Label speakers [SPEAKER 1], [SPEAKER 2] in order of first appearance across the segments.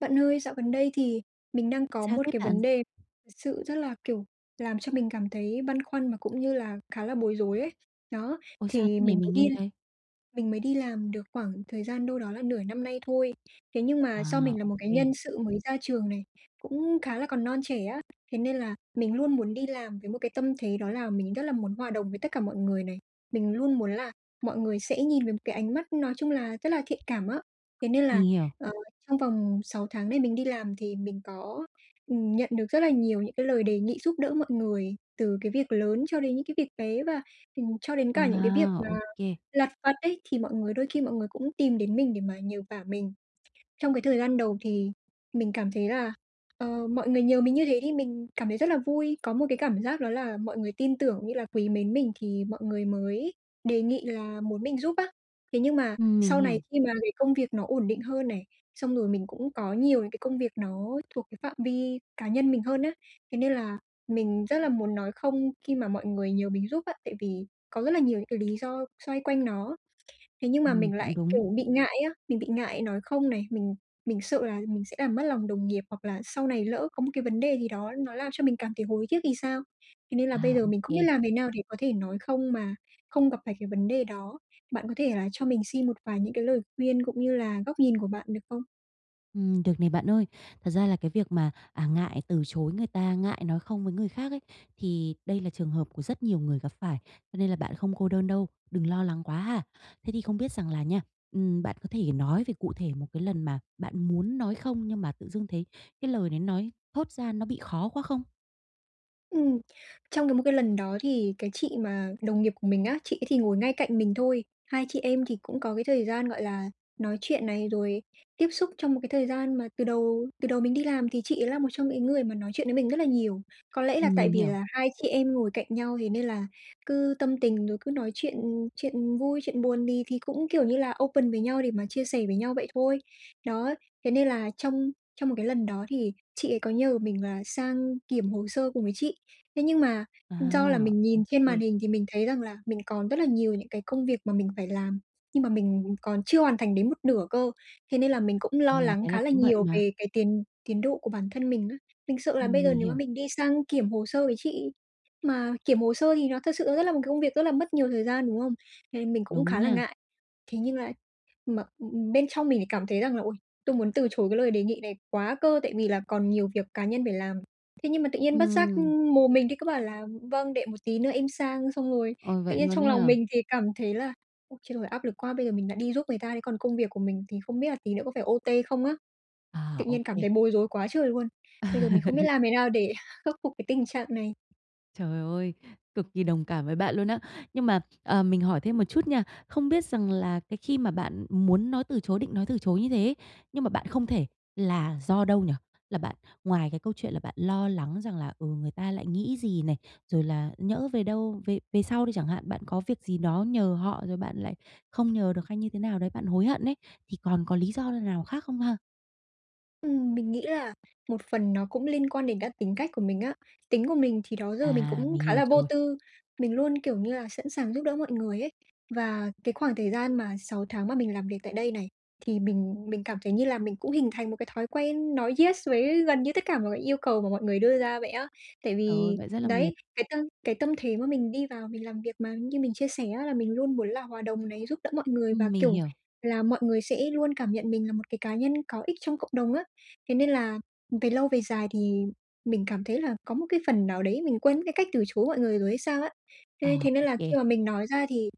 [SPEAKER 1] Bạn ơi, dạo gần đây thì mình đang có
[SPEAKER 2] Sao
[SPEAKER 1] một
[SPEAKER 2] thế
[SPEAKER 1] cái
[SPEAKER 2] bạn?
[SPEAKER 1] vấn đề sự rất là, kiểu, làm cho mình cảm thấy băn khoăn và cũng như là khá là bối rối ấy. Đó,
[SPEAKER 2] Ôi, sao thế
[SPEAKER 1] thì
[SPEAKER 2] này?
[SPEAKER 1] mình
[SPEAKER 2] Mình
[SPEAKER 1] mới đi
[SPEAKER 2] nghe
[SPEAKER 1] l
[SPEAKER 2] đây.
[SPEAKER 1] mình mới đi làm được khoảng thời gian đâu đó là nửa năm nay thôi, thế nhưng
[SPEAKER 2] À,
[SPEAKER 1] mà do mình là
[SPEAKER 2] ô
[SPEAKER 1] một cái
[SPEAKER 2] kê.
[SPEAKER 1] nhân sự mới ra trường này, cũng khá là còn non trẻ á, thế nên là mình luôn muốn đi làm với một cái tâm thế đó là mình rất là muốn hòa đồng với tất cả mọi người này. Mình luôn muốn là mọi người sẽ nhìn với một cái ánh mắt nói chung là rất là thiện cảm á, thế nên là,
[SPEAKER 2] Mình hiểu.
[SPEAKER 1] ờ, trong vòng 6 tháng này mình đi làm thì mình có, ừm, nhận được rất là nhiều những cái lời đề nghị giúp đỡ mọi người từ cái việc lớn cho đến những cái việc bé và, ừm, cho đến cả những cái việc
[SPEAKER 2] À,
[SPEAKER 1] mà
[SPEAKER 2] ô kê.
[SPEAKER 1] lặt vặt ấy, thì mọi người đôi khi mọi người cũng tìm đến mình để mà nhờ vả mình. Trong cái thời gian đầu thì mình cảm thấy là, ờ, mọi người nhờ mình như thế thì mình cảm thấy rất là vui, có một cái cảm giác đó là mọi người tin tưởng cũng như là quý mến mình thì mọi người mới đề nghị là muốn mình giúp á. Thế nhưng mà
[SPEAKER 2] Ừm, mình
[SPEAKER 1] sau này
[SPEAKER 2] hiểu.
[SPEAKER 1] khi mà cái công việc nó ổn định hơn này, xong rồi mình cũng có nhiều những cái công việc nó thuộc cái phạm vi cá nhân mình hơn á, thế nên là mình rất là muốn nói "Không" khi mà mọi người nhờ mình giúp á, tại vì có rất là nhiều những cái lý do xoay quanh nó, thế nhưng mà
[SPEAKER 2] Ừm,
[SPEAKER 1] mình
[SPEAKER 2] cũng
[SPEAKER 1] lại,
[SPEAKER 2] đúng.
[SPEAKER 1] kiểu, bị ngại á, mình bị ngại nói "Không" này, mình mình sợ là mình sẽ làm mất lòng đồng nghiệp, hoặc là sau này lỡ có một cái vấn đề gì đó nó làm cho mình cảm thấy hối tiếc thì sao? Thế nên là
[SPEAKER 2] À,
[SPEAKER 1] bây giờ
[SPEAKER 2] ô
[SPEAKER 1] mình không biết
[SPEAKER 2] kê.
[SPEAKER 1] làm thế nào để có thể nói "Không" mà không gặp phải cái vấn đề đó, bạn có thể là cho mình xin một vài những cái lời khuyên cũng như là góc nhìn của bạn được không?
[SPEAKER 2] Ừm, được này, bạn ơi. Thật ra là cái việc mà, à, ngại từ chối người ta, ngại nói không với người khác ấy, thì đây là trường hợp của rất nhiều người gặp phải, cho nên là bạn không cô đơn đâu, đừng lo lắng quá ha. Thế thì không biết rằng là nha, ừm, bạn có thể nói về cụ thể một cái lần mà bạn muốn nói không nhưng mà tự dưng thấy cái lời đấy nói, thốt ra nó bị khó quá không?
[SPEAKER 1] Ừm, trong cái một cái lần đó thì cái chị mà đồng nghiệp của mình á, chị ấy thì ngồi ngay cạnh mình thôi. Hai chị em thì cũng có cái thời gian, gọi là, nói chuyện này, rồi tiếp xúc trong một cái thời gian mà từ đầu từ đầu mình đi làm thì chị ấy là một trong cái người mà nói chuyện với mình rất là nhiều. Có lẽ là
[SPEAKER 2] Ừm,
[SPEAKER 1] tại
[SPEAKER 2] mình
[SPEAKER 1] vì
[SPEAKER 2] hiểu.
[SPEAKER 1] là hai chị em ngồi cạnh nhau thế nên là cứ tâm tình rồi cứ nói chuyện chuyện vui, chuyện buồn thì thì cũng, kiểu như là, open với nhau để mà chia sẻ với nhau vậy thôi. Đó, thế nên là trong trong một cái lần đó thì chị ấy có nhờ mình là sang kiểm hồ sơ cùng với chị, thế nhưng mà,
[SPEAKER 2] À,
[SPEAKER 1] do là mình nhìn trên màn
[SPEAKER 2] OK.
[SPEAKER 1] hình thì mình thấy rằng là mình còn rất là nhiều những cái công việc mà mình phải làm nhưng mà mình còn chưa hoàn thành đến một nửa cơ. Thế nên là mình cũng lo
[SPEAKER 2] Yeah,
[SPEAKER 1] lắng
[SPEAKER 2] thế là
[SPEAKER 1] khá là
[SPEAKER 2] cũng bận
[SPEAKER 1] nhiều
[SPEAKER 2] mà.
[SPEAKER 1] về cái tiến tiến độ của bản thân mình á. Mình sợ là bây
[SPEAKER 2] Ừm,
[SPEAKER 1] giờ
[SPEAKER 2] mình
[SPEAKER 1] nếu mà
[SPEAKER 2] hiểu.
[SPEAKER 1] mình đi sang kiểm hồ sơ với chị, mà kiểm hồ sơ thì nó thực sự nó rất là một cái công việc rất là mất nhiều thời gian, đúng không? Nên mình cũng
[SPEAKER 2] Đúng
[SPEAKER 1] khá là
[SPEAKER 2] nha.
[SPEAKER 1] ngại, thế nhưng là mà bên trong mình lại cảm thấy rằng là "Ôi, tôi muốn từ chối cái lời đề nghị này quá cơ, tại vì là còn nhiều việc cá nhân phải làm." Thế nhưng mà tự nhiên bất giác,
[SPEAKER 2] Ừm.
[SPEAKER 1] ừm, mồm mình thì cứ bảo là "Vâng, để một tí nữa em sang." Xong rồi
[SPEAKER 2] Ôi,
[SPEAKER 1] tự
[SPEAKER 2] vậy
[SPEAKER 1] nhiên
[SPEAKER 2] luôn
[SPEAKER 1] trong
[SPEAKER 2] ấy
[SPEAKER 1] lòng
[SPEAKER 2] à?
[SPEAKER 1] mình thì cảm thấy là "Ôi trời, áp lực quá, bây giờ mình lại đi giúp người ta thế còn công việc của mình thì không biết là tí nữa có phải OT không á."
[SPEAKER 2] À,
[SPEAKER 1] Tự nhiên cảm
[SPEAKER 2] OK.
[SPEAKER 1] thấy bối rối quá trời luôn, bây giờ mình không biết làm thế nào để khắc phục cái tình trạng này.
[SPEAKER 2] Trời ơi! Cực kỳ đồng cảm với bạn luôn á. Nhưng mà, à, mình hỏi thêm một chút nha. Không biết rằng là cái khi mà bạn muốn nói từ chối định nói từ chối như thế ấy, nhưng mà bạn không thể là do đâu nhỉ? Là bạn ngoài cái câu chuyện là bạn lo lắng rằng là, ừ, người ta lại nghĩ gì này, rồi là nhỡ về đâu về về sau đi chẳng hạn, bạn có việc gì đó nhờ họ rồi bạn lại không nhờ được hay như thế nào đấy, bạn hối hận ấy, thì còn có lý do n nào khác không ha?
[SPEAKER 1] Ừm, mình nghĩ là một phần nó cũng liên quan đến cả tính cách của mình á. Tính của mình thì đó giờ mình
[SPEAKER 2] À,
[SPEAKER 1] cũng
[SPEAKER 2] mình
[SPEAKER 1] khá
[SPEAKER 2] hiểu
[SPEAKER 1] là vô
[SPEAKER 2] rồi.
[SPEAKER 1] tư, mình luôn, kiểu như là, sẵn sàng giúp đỡ mọi người ấy. Và cái khoảng thời gian mà 6 tháng mà mình làm việc tại đây này thì mình mình cảm thấy như là mình cũng hình thành một cái thói quen nói yes với gần như tất cả mọi cái yêu cầu của mọi người đưa ra vậy á. Tại
[SPEAKER 2] Ờ,
[SPEAKER 1] vì
[SPEAKER 2] vậy rất là mệt.
[SPEAKER 1] đấy, cái tâm cái tâm thế mà mình đi vào mình làm việc mà như mình chia sẻ á, là mình luôn muốn là hòa đồng này, giúp đỡ mọi người và,
[SPEAKER 2] Ừm, mình
[SPEAKER 1] kiểu
[SPEAKER 2] hiểu.
[SPEAKER 1] là, mọi người sẽ luôn cảm nhận mình là một cái cá nhân có ích trong cộng đồng á. Thế nên là về lâu về dài thì mình cảm thấy là có một cái phần nào đấy mình quên mất cái cách từ chối mọi người rồi hay sao á.
[SPEAKER 2] Ờ,
[SPEAKER 1] Thế thế nên
[SPEAKER 2] ô
[SPEAKER 1] là khi
[SPEAKER 2] kê.
[SPEAKER 1] mà mình nói ra thì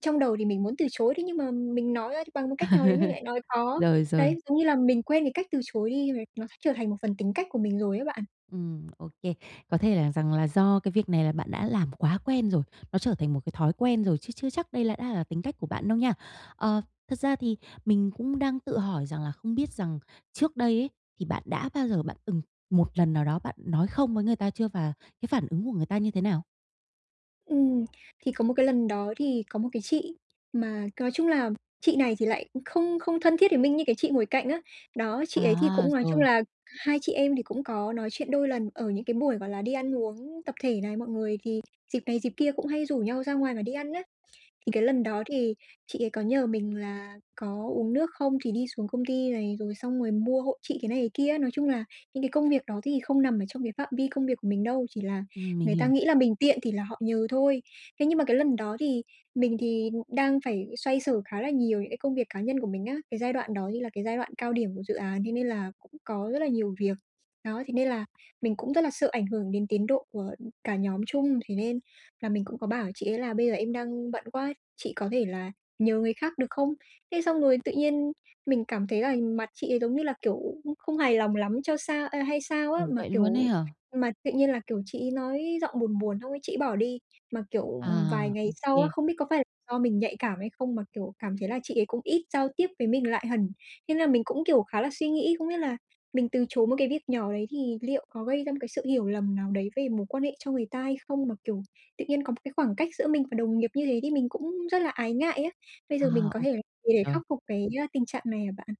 [SPEAKER 1] trong đầu thì mình muốn từ chối đấy, nhưng mà mình nói ra thì bằng một cách nào đấy mình lại nói có.
[SPEAKER 2] Rồi, rồi.
[SPEAKER 1] Đấy, giống như là mình quên cái cách từ chối đi, và nó s trở thành một phần tính cách của mình rồi á bạn.
[SPEAKER 2] Ừm, ô kê. Có thể là rằng là do cái việc này là bạn đã làm quá quen rồi, nó trở thành một cái thói quen rồi, chứ chưa chắc đây là đã là tính cách của bạn đâu nha. Ờ, thật ra thì mình cũng đang tự hỏi rằng là không biết rằng trước đây ấy thì, bạn đã bao giờ bạn từng một lần nào đó bạn nói không với người ta chưa và cái phản ứng của người ta như thế nào?
[SPEAKER 1] Ừm, thì có một cái lần đó thì có một cái chị mà nói chung là chị này thì lại không không thân thiết với mình như cái chị ngồi cạnh á, đó, chị ấy thì
[SPEAKER 2] À!
[SPEAKER 1] cũng nói chung
[SPEAKER 2] Rồi.
[SPEAKER 1] là 2 chị em thì cũng có nói chuyện đôi lần ở những cái buổi, gọi là, đi ăn uống tập thể này, mọi người thì dịp này, dịp kia cũng hay rủ nhau ra ngoài và đi ăn á. Thì cái lần đó thì chị ấy có nhờ mình là có uống nước không thì đi xuống công ty này, rồi xong rồi mua hộ chị cái này, cái kia á, nói chung là những cái công việc đó thì không nằm ở trong cái phạm vi công việc của mình đâu, chỉ là
[SPEAKER 2] Ừm, mình
[SPEAKER 1] người ta
[SPEAKER 2] hiểu.
[SPEAKER 1] nghĩ là mình tiện thì là họ nhờ thôi. Thế nhưng mà cái lần đó thì mình thì đang phải xoay sở khá là nhiều những cái công việc cá nhân của mình á, cái giai đoạn đó như là cái giai đoạn cao điểm của dự án, thế nên là cũng có rất là nhiều việc, đó, thế nên là mình cũng rất là sợ ảnh hưởng đến tiến độ của cả nhóm chung, thế nên là mình cũng có bảo chị ấy là: "Bây giờ em đang bận quá, chị có thể là nhờ người khác được không?" Thế xong rồi tự nhiên mình cảm thấy là mặt chị ấy, giống như là, kiểu, không không hài lòng lắm cho sao, ơ, hay sao á,
[SPEAKER 2] Ồ,
[SPEAKER 1] mà,
[SPEAKER 2] vậy luôn ấy
[SPEAKER 1] kiểu,
[SPEAKER 2] hả?
[SPEAKER 1] mà tự nhiên là, kiểu, chị ấy nói giọng buồn buồn, xong ấy chị ấy bỏ đi, mà, kiểu, ừm,
[SPEAKER 2] À!
[SPEAKER 1] vài ngày
[SPEAKER 2] Ô
[SPEAKER 1] sau á,
[SPEAKER 2] kê.
[SPEAKER 1] không biết có phải do mình nhạy cảm hay không, mà, kiểu, cảm thấy là chị ấy cũng ít giao tiếp với mình lại hẳn. Thế là mình cũng, kiểu, khá là suy nghĩ, không biết là mình từ chối một cái việc nhỏ đấy thì liệu có gây ra một cái sự hiểu lầm nào đấy về mối quan hệ cho người ta hay không, mà, kiểu, tự nhiên có một cái khoảng cách giữa mình và đồng nghiệp như thế thì mình cũng rất là ái ngại á. Bây
[SPEAKER 2] À,
[SPEAKER 1] giờ mình có
[SPEAKER 2] ô
[SPEAKER 1] thể l gì để khắc
[SPEAKER 2] rồi.
[SPEAKER 1] phục cái, á, tình trạng này hả bạn?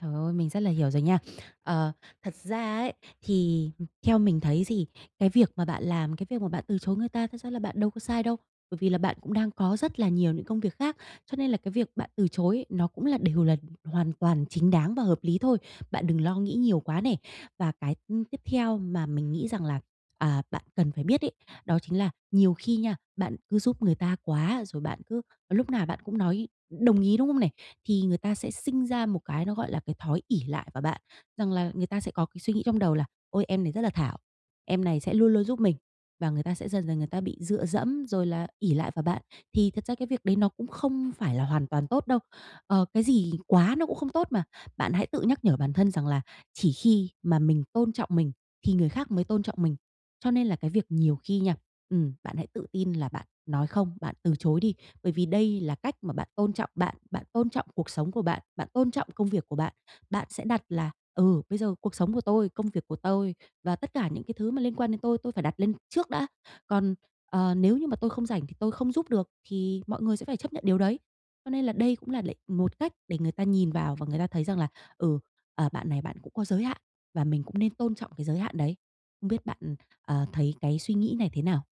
[SPEAKER 2] Trời ơi! Mình rất là hiểu rồi nha. Ờ, thật ra ấy, thì, ừm, theo mình thấy thì cái việc mà bạn làm, cái việc mà bạn từ chối người ta, thật ra là bạn đâu có sai đâu. Bởi vì là bạn cũng đang có rất là nhiều những công việc khác, cho nên là cái việc bạn từ chối nó cũng là đều là hoàn toàn chính đáng và hợp lý thôi. Bạn đừng lo nghĩ nhiều quá nè. Và cái, ừm, tiếp theo mà mình nghĩ rằng là, à, bạn cần phải biết ấy, đó chính là nhiều khi nha, bạn cứ giúp người ta quá, rồi bạn cứ lúc nào bạn cũng nói đồng ý, đúng không nè? Thì người ta sẽ sinh ra một cái nó, gọi là, cái thói ỷ lại vào bạn, rằng là người ta sẽ có cái suy nghĩ trong đầu là "Ôi! Em này rất là thảo, em này sẽ luôn luôn giúp mình", và người ta sẽ dần dần người ta bị dựa dẫm rồi là ỷ lại vào bạn. Thì thật ra cái việc đấy nó cũng không phải là hoàn toàn tốt đâu, ờ, cái gì quá nó cũng không tốt mà. Bạn hãy tự nhắc nhở bản thân rằng là chỉ khi mà mình tôn trọng mình thì người khác mới tôn trọng mình, cho nên là cái việc nhiều khi nha, ừm, bạn hãy tự tin là bạn nói không, bạn từ chối đi. Bởi vì đây là cách mà bạn tôn trọng bạn, bạn tôn trọng cuộc sống của bạn, bạn tôn trọng công việc của bạn, bạn sẽ đặt là "Ừ, bây giờ cuộc sống của tôi, công việc của tôi và tất cả những cái thứ mà liên quan đến tôi, tôi phải đặt lên trước đã, còn, ờ, nếu như mà tôi không rảnh thì tôi không giúp được thì mọi người sẽ phải chấp nhận điều đấy." Cho nên là đây cũng là để một cách để người ta nhìn vào và người ta thấy rằng là "Ừ, ờ, bạn này bạn cũng có giới hạn và mình cũng nên tôn trọng cái giới hạn đấy." Không biết bạn, ờ, thấy cái suy nghĩ này thế nào?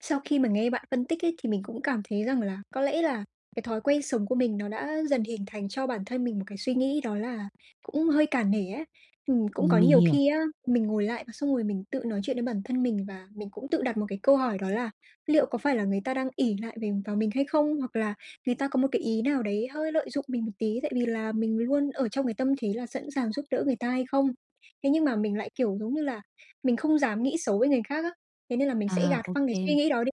[SPEAKER 1] Sau khi mình nghe bạn phân tích ấy, thì mình cũng cảm thấy rằng là có lẽ là cái thói quen sống của mình nó đã dần hình thành cho bản thân mình một cái suy nghĩ đó là cũng hơi cả nể á. Ừm, cũng
[SPEAKER 2] Ừm,
[SPEAKER 1] có
[SPEAKER 2] mình
[SPEAKER 1] nhiều
[SPEAKER 2] hiểu.
[SPEAKER 1] khi á mình ngồi lại và xong rồi mình tự nói chuyện với bản thân mình, và mình cũng tự đặt một cái câu hỏi đó là liệu có phải là người ta đang ỷ lại về vào mình hay không? Hoặc là người ta có một cái ý nào đấy hơi lợi dụng mình một tí, tại vì là mình luôn ở trong cái tâm thế là sẵn sàng giúp đỡ người ta hay không? Thế nhưng mà mình lại, kiểu, giống như là mình không dám nghĩ xấu với người khác á, thế nên là mình sẽ
[SPEAKER 2] À,
[SPEAKER 1] gạt
[SPEAKER 2] ô
[SPEAKER 1] phăng cái
[SPEAKER 2] kê.
[SPEAKER 1] suy nghĩ đó đi,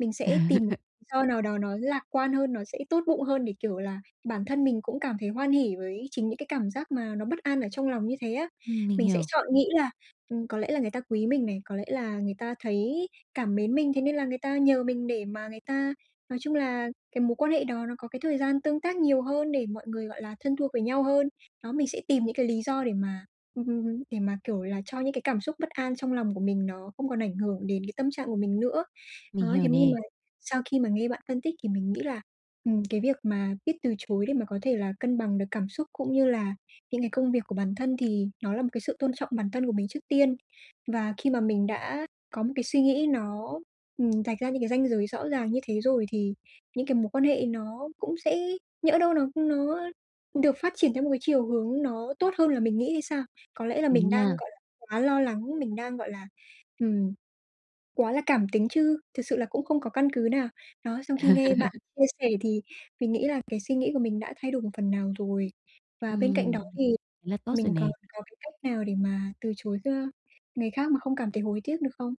[SPEAKER 1] mình sẽ tìm m lý do nào đó nó lạc quan hơn, nó sẽ tốt bụng hơn để, kiểu là, bản thân mình cũng cảm thấy hoan hỉ với chính những cái cảm giác mà nó bất an ở trong lòng như thế á.
[SPEAKER 2] Ừm, mình
[SPEAKER 1] Mình sẽ
[SPEAKER 2] hiểu.
[SPEAKER 1] chọn nghĩ là, ừm, có lẽ là người ta quý mình này, có lẽ là người ta thấy cảm mến mình, thế nên là người ta nhờ mình để mà người ta nói chung là cái mối quan hệ đó, nó có cái thời gian tương tác nhiều hơn để mọi người, gọi là, thân thuộc với nhau hơn. Đó, mình sẽ tìm những cái lý do để mà ưm hưm hứm, để mà, kiểu là, cho những cái cảm xúc bất an trong lòng của mình, nó không còn ảnh hưởng đến cái tâm trạng của mình nữa. Đó,
[SPEAKER 2] Mình
[SPEAKER 1] thế
[SPEAKER 2] hiểu
[SPEAKER 1] nhưng
[SPEAKER 2] nè.
[SPEAKER 1] mà sau khi mà nghe bạn phân tích thì mình nghĩ là, ừm, cái việc mà biết từ chối để mà có thể là cân bằng được cảm xúc, cũng như là những cái công việc của bản thân, thì nó là một cái sự tôn trọng bản thân của mình trước tiên. Và khi mà mình đã có một cái suy nghĩ nó, ừm, rạch ra những cái ranh giới rõ ràng như thế rồi, thì những cái mối quan hệ nó cũng sẽ nhỡ đâu nó nó được phát triển theo một cái chiều hướng nó tốt hơn là mình nghĩ hay sao? Có lẽ là
[SPEAKER 2] Đúng
[SPEAKER 1] mình đang,
[SPEAKER 2] nha.
[SPEAKER 1] gọi là, quá lo lắng, mình đang, gọi là, ừm, quá là cảm tính, chứ thực sự là cũng không có căn cứ nào, đó. Sau khi nghe bạn chia sẻ thì mình nghĩ là cái suy nghĩ của mình đã thay đổi một phần nào rồi, và bên cạnh đó
[SPEAKER 2] Ừm,
[SPEAKER 1] thì
[SPEAKER 2] thế là tốt rồi
[SPEAKER 1] mình còn
[SPEAKER 2] nè.
[SPEAKER 1] có cái cách nào để mà từ chối kh người khác mà không cảm thấy hối tiếc, được không?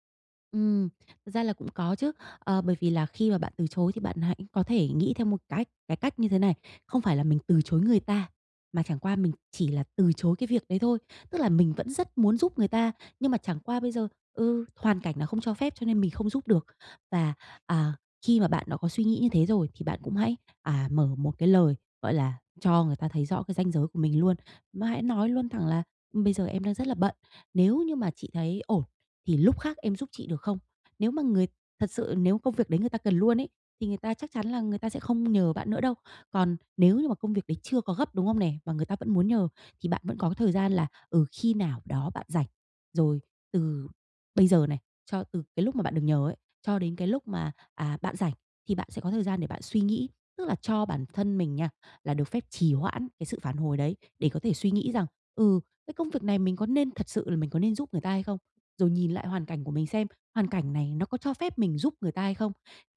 [SPEAKER 2] Ừm, thực ra là cũng có chứ, ờ, bởi vì là khi mà bạn từ chối thì bạn hãy có thể nghĩ theo một cách cái cách như thế này, không phải là mình từ chối người ta, mà chẳng qua mình chỉ là từ chối cái việc đấy thôi. Tức là mình vẫn rất muốn giúp người ta, nhưng mà chẳng qua bây giờ, ừ, hoàn cảnh nó không cho phép cho nên mình không giúp được. Và, à, khi mà bạn đã có suy nghĩ như thế rồi thì bạn cũng hãy, à, mở một cái lời, gọi là, cho người ta thấy rõ cái ranh giới của mình luôn, mà hãy nói luôn thẳng là "Bây giờ em đang rất là bận, nếu như mà chị thấy ổn thì lúc khác em giúp chị được không?" Nếu mà người thật sự, nếu công việc đấy người ta cần luôn ấy, thì người ta chắc chắn là người ta sẽ không nhờ bạn nữa đâu. Còn nếu như mà công việc đấy chưa có gấp, đúng không nè, mà người ta vẫn muốn nhờ, thì bạn vẫn có cái thời gian là, ừ, khi nào đó bạn rảnh. Rồi từ bây giờ này, cho từ cái lúc mà bạn được nhờ ấy, cho đến cái lúc mà, à, bạn rảnh thì bạn sẽ có thời gian để bạn suy nghĩ, tức là cho bản thân mình nha, là được phép trì hoãn cái sự phản hồi đấy để có thể suy nghĩ rằng, ừ, "Cái công việc này mình có nên thật sự là mình có nên giúp người ta hay không?" Rồi nhìn lại hoàn cảnh của mình xem, hoàn cảnh này nó có cho phép mình giúp người ta hay không?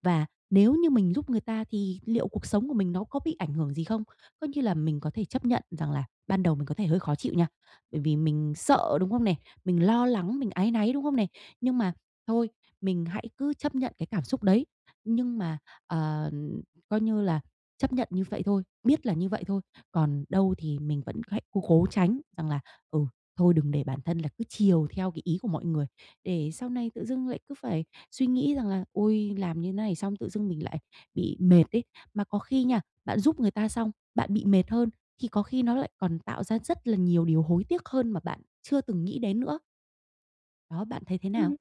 [SPEAKER 2] Và nếu như mình giúp người ta thì liệu cuộc sống của mình nó có bị ảnh hưởng gì không? Coi như là mình có thể chấp nhận rằng là ban đầu mình có thể hơi khó chịu nha, bởi vì mình sợ, đúng không nè, mình lo lắng, mình áy náy, đúng không nè? Nhưng mà thôi, mình hãy cứ chấp nhận cái cảm xúc đấy. Nhưng mà, ờ, coi như là chấp nhận như vậy thôi, biết là như vậy thôi, còn đâu thì mình vẫn hãy cố cố tránh rằng là, ừ, thôi đừng để bản thân là cứ chiều theo cái ý của mọi người, để sau này tự dưng lại cứ phải suy nghĩ rằng là "Ôi, làm như này xong tự dưng mình lại bị mệt ấy." Mà có khi nha, bạn giúp người ta xong, bạn bị mệt hơn, thì có khi nó lại còn tạo ra rất là nhiều điều hối tiếc hơn mà bạn chưa từng nghĩ đến nữa. Đó, bạn thấy thế nào?
[SPEAKER 1] Ừm.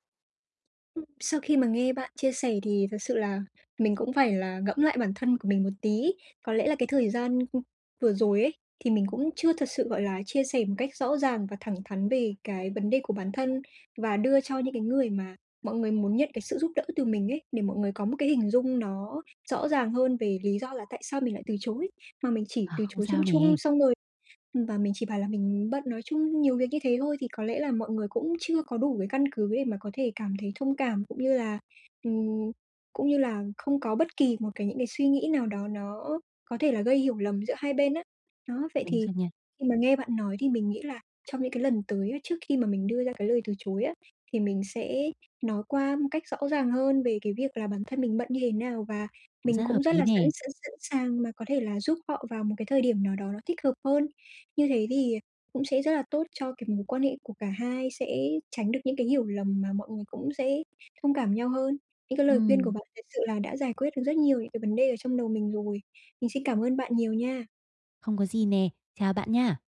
[SPEAKER 1] Ừm, sau khi mà nghe bạn chia sẻ thì thật sự là mình cũng phải là ngẫm lại bản thân của mình một tí. Có lẽ là cái thời gian, ừm, vừa rồi ấy, thì mình cũng chưa thật sự, gọi là, chia sẻ một cách rõ ràng và thẳng thắn về cái vấn đề của bản thân, và đưa cho những cái người mà mọi người muốn nhận cái sự giúp đỡ từ mình ấy, để mọi người có một cái hình dung nó rõ ràng hơn về lý do là tại sao mình lại từ chối. Mà mình chỉ
[SPEAKER 2] À,
[SPEAKER 1] từ
[SPEAKER 2] không
[SPEAKER 1] chối chung
[SPEAKER 2] sao
[SPEAKER 1] chung
[SPEAKER 2] nè.
[SPEAKER 1] xong rồi ừm, và mình chỉ bảo là mình bận, nói chung nhiều việc như thế thôi, thì có lẽ là mọi người cũng chưa có đủ cái căn cứ để mà có thể cảm thấy thông cảm, cũng như là, ừm, cũng như là không có bất kỳ một cái những cái suy nghĩ nào đó nó có thể là gây hiểu lầm giữa hai bên á. Đó, vậy
[SPEAKER 2] Đúng
[SPEAKER 1] thì
[SPEAKER 2] rồi nha.
[SPEAKER 1] khi mà nghe bạn nói thì mình nghĩ là trong những cái lần tới, trước khi mà mình đưa ra cái lời từ chối á, thì mình sẽ nói qua một cách rõ ràng hơn về cái việc là bản thân mình bận như thế nào và
[SPEAKER 2] Cũng
[SPEAKER 1] mình
[SPEAKER 2] rất
[SPEAKER 1] cũng
[SPEAKER 2] hợp
[SPEAKER 1] rất
[SPEAKER 2] lý
[SPEAKER 1] là sẵn
[SPEAKER 2] nè.
[SPEAKER 1] sẵn sẵn sàng mà có thể là giúp họ vào một cái thời điểm nào đó nó thích hợp hơn. Như thế thì cũng sẽ rất là tốt cho cái mối quan hệ của cả hai, sẽ tránh được những cái hiểu lầm, mà mọi người cũng sẽ thông cảm nhau hơn. Những cái lời khuyên của
[SPEAKER 2] Ừm.
[SPEAKER 1] bạn thật sự là đã giải quyết được rất nhiều những cái vấn đề ở trong đầu mình rồi. Mình xin cảm ơn bạn nhiều nha!
[SPEAKER 2] Không có gì nè. Chào bạn nha!